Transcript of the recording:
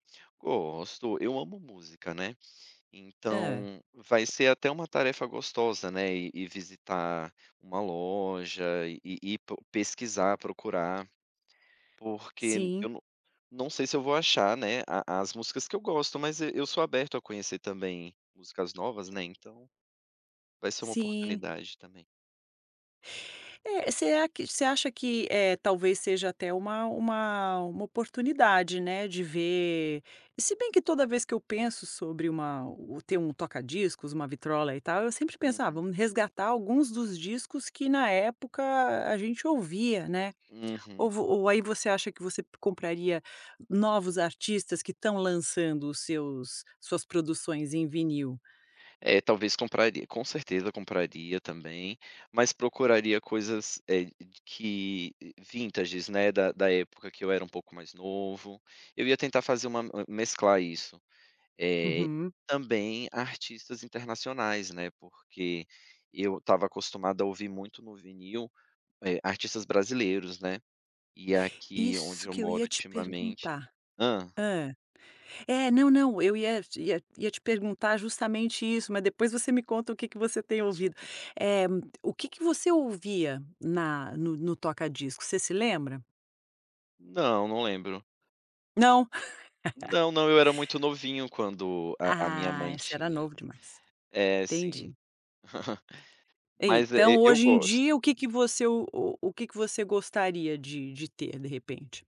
Gosto, eu amo música, né. Hã. Então, vai ser até uma tarefa gostosa, né, ir ir visitar uma loja e ir ir pro pesquisar, procurar. Porque n Sim. eu não não sei se eu vou achar, né, a as músicas que eu gosto, mas e eu sou aberto a conhecer também músicas novas, né, então vai ser uma Sim. oportunidade também. É, será que você acha que, eh, talvez, seja até uma uma uma oportunidade, né, de ver e se bem que toda vez que eu penso sobre uma ou ter um toca discos, uma vitrola e tal, eu sempre penso: "Ah, Uhum. vamos resgatar alguns dos discos que na época a gente ouvia, né". Ou Uhum. vo ou aí você acha que você compraria novos artistas que estão lançando os seus suas produções em vinil? É, talvez compraria. Com certeza compraria também, mas procuraria coisas eh, de que eh, vintages, né, da da época que eu era um pouco mais novo. Eu ia tentar fazer uma m mesclar isso, eh, e Uhum. também artistas internacionais, né, porque eu estava acostumada a ouvir muito no vinil, eh, artistas brasileiros, né, e aqui onde Isso eu que eu moro ia te ultimamente perguntar. Hã. Hã. É, não, não, eu ia te ia ia te perguntar justamente isso, mas depois você me conta o que que você tem ouvido. Uhum. Eh o que que você ouvia na Hum. no no toca disco, você se lembra? Não, não lembro. Não. Não, não, eu era muito novinho quando a a minha Ah, mãe esse era tinha. novo demais. É, sim. Entendi. Mas é, Então e eu hoje em gosto. dia o que que você o o o que que você gostaria de de ter de repente?